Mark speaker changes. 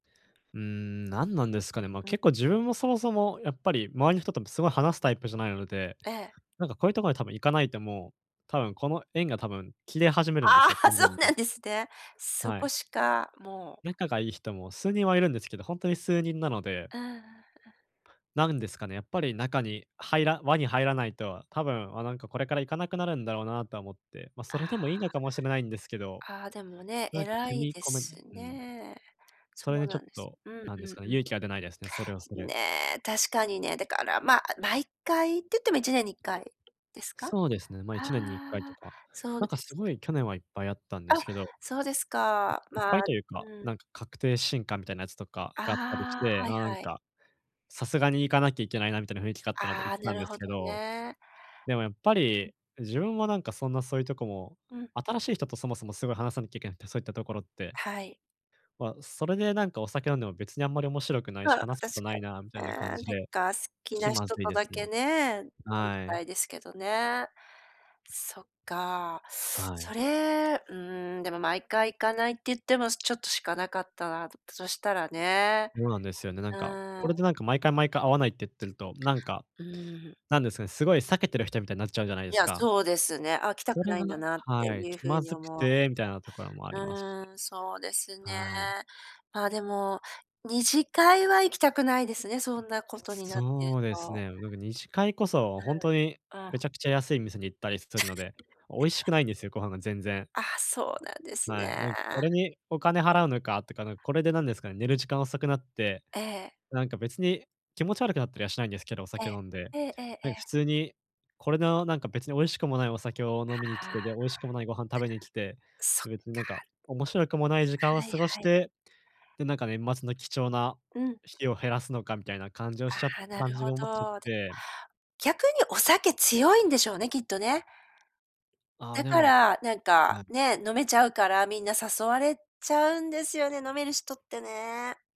Speaker 1: うーん、なんなんですかね、ま、
Speaker 2: ん。
Speaker 1: 結構自分もそもそもやっぱり周りの人とすごい話すタイプじゃないので、
Speaker 2: ええ。
Speaker 1: なんかこういうところに多分行かないともう、多分この縁が多分切れ始めるんで
Speaker 2: あ
Speaker 1: すよ、
Speaker 2: あ、
Speaker 1: 完
Speaker 2: そう
Speaker 1: 全
Speaker 2: な
Speaker 1: に。
Speaker 2: んですね。そ
Speaker 1: は
Speaker 2: こ
Speaker 1: い。
Speaker 2: しかもう
Speaker 1: 仲がいい人も数人はいるんですけど、ほんとに数人なので。
Speaker 2: ああ、あ。
Speaker 1: なんですかね、やっぱり中に入ら輪に入らないと、多分、わ、なんかこれから行かなくなるんだろうなとは思って、ま、そ
Speaker 2: あ
Speaker 1: れでもいいの
Speaker 2: あ。
Speaker 1: かもしれないんですけど。
Speaker 2: ああ、でもね、
Speaker 1: なんか
Speaker 2: 偉
Speaker 1: 踏
Speaker 2: い
Speaker 1: み
Speaker 2: で
Speaker 1: 込めな
Speaker 2: す
Speaker 1: いうん。
Speaker 2: ね。
Speaker 1: そ
Speaker 2: そ
Speaker 1: れ
Speaker 2: う
Speaker 1: でちょ
Speaker 2: なん
Speaker 1: っ
Speaker 2: です
Speaker 1: と、
Speaker 2: うん
Speaker 1: なん
Speaker 2: う
Speaker 1: です
Speaker 2: ん
Speaker 1: かね、
Speaker 2: うん。
Speaker 1: 勇気が出ないですね、それはそれ。
Speaker 2: ね、確かにね、だから、ま、毎回行ってても1年に1回ですか？
Speaker 1: そうですね。ま、い
Speaker 2: あ
Speaker 1: ちねんに1回と
Speaker 2: あ、
Speaker 1: か。
Speaker 2: そう
Speaker 1: なん
Speaker 2: で
Speaker 1: かす
Speaker 2: す
Speaker 1: ごい去年はいっぱいあったん
Speaker 2: か。
Speaker 1: で
Speaker 2: うん。あ、
Speaker 1: すけど。
Speaker 2: そうですか。
Speaker 1: いっ
Speaker 2: まあ
Speaker 1: ぱいというか、
Speaker 2: うん。
Speaker 1: なんか確定新歓みたいなやつとか
Speaker 2: あ
Speaker 1: があったりし
Speaker 2: あ、
Speaker 1: て、
Speaker 2: はい
Speaker 1: あ、なん
Speaker 2: はい。
Speaker 1: か、さすがに行かなきゃいけないなみたいな雰囲気があったので行
Speaker 2: あ
Speaker 1: っ
Speaker 2: あ、
Speaker 1: た
Speaker 2: な
Speaker 1: ん
Speaker 2: る
Speaker 1: です
Speaker 2: ほど
Speaker 1: けど、
Speaker 2: ね。
Speaker 1: でもやっぱり、自分はなんかそんなそういうとこも、
Speaker 2: うん。
Speaker 1: 新しい人とそもそもすごい話さなきゃいけなくて、そういったところって。
Speaker 2: はい。
Speaker 1: ま、それでなんかお酒飲んでも別にあんまり面白くないし、
Speaker 2: ああ、確
Speaker 1: 話すことないなみた
Speaker 2: か
Speaker 1: い
Speaker 2: に、
Speaker 1: な
Speaker 2: ね、
Speaker 1: 感
Speaker 2: なん
Speaker 1: じで、
Speaker 2: か好き
Speaker 1: 気
Speaker 2: な
Speaker 1: ま
Speaker 2: 人
Speaker 1: ずい
Speaker 2: と
Speaker 1: です
Speaker 2: だ
Speaker 1: ね。
Speaker 2: けね、飲んで
Speaker 1: はい。
Speaker 2: たいですけどね。そっか、
Speaker 1: はい。
Speaker 2: それ、うん、でも毎回行かないって言ってもちょっとしかなかったら、そしたらね
Speaker 1: そうなんですよね。なん
Speaker 2: う
Speaker 1: か、
Speaker 2: ーん。
Speaker 1: これでなんか毎回毎回会わないってってると、なんか、
Speaker 2: うーん。
Speaker 1: なんですかね、すごい避けてる人みたいになっちゃうじゃないで
Speaker 2: い
Speaker 1: す
Speaker 2: や、
Speaker 1: か？
Speaker 2: そうですね。あ、来た
Speaker 1: そ
Speaker 2: く
Speaker 1: れ
Speaker 2: な
Speaker 1: が
Speaker 2: いんだ
Speaker 1: な
Speaker 2: なって
Speaker 1: はい、
Speaker 2: いう
Speaker 1: 気
Speaker 2: ふう
Speaker 1: ま
Speaker 2: に
Speaker 1: ずく
Speaker 2: 思う
Speaker 1: てみたいなところもありますし。
Speaker 2: うん、そうですね。
Speaker 1: はい。
Speaker 2: まあ、でも、二次会は行きたくないですね、そんなことになってる
Speaker 1: そうです
Speaker 2: と。
Speaker 1: ね。なんか二次会こそ
Speaker 2: はい、
Speaker 1: ほんとにめ
Speaker 2: あ。
Speaker 1: ちゃくちゃ安い店に行ったりするので、美味しくないんですよ、ご飯が全然。
Speaker 2: あ、そうなんです
Speaker 1: はい、なんか、
Speaker 2: ね。
Speaker 1: これにお金払うのかとか、なん、これでなんですかね、寝る時間遅くなって、
Speaker 2: ええ。
Speaker 1: なんか別に気持ち悪くなったりはしないんですけど、お
Speaker 2: ええ、
Speaker 1: 酒を飲んで、
Speaker 2: えええええ
Speaker 1: なんか
Speaker 2: え。
Speaker 1: 普通にこれのなんか別に美味しくもないお酒を飲みに来
Speaker 2: はあ。じゃあ、
Speaker 1: て、で、美味しくもないご飯食べに来て、
Speaker 2: そっか。
Speaker 1: 別になんか面白くもない時間を
Speaker 2: はい
Speaker 1: 過ごし
Speaker 2: はい。
Speaker 1: て、で、なんか年末の貴重な
Speaker 2: うん。
Speaker 1: しきを減らすのかみたいな感じをしちゃ
Speaker 2: ああ、な
Speaker 1: 感
Speaker 2: る
Speaker 1: じ
Speaker 2: ほ
Speaker 1: に思っちゃっ
Speaker 2: ど。だ
Speaker 1: て。
Speaker 2: 逆にお酒強いんでしょうね、きっとね。
Speaker 1: ああ、
Speaker 2: だ
Speaker 1: で
Speaker 2: か
Speaker 1: も
Speaker 2: ら、なんか、
Speaker 1: はい。
Speaker 2: ね、飲めちゃうから、みんな誘われちゃうんですよね、飲める人ってね。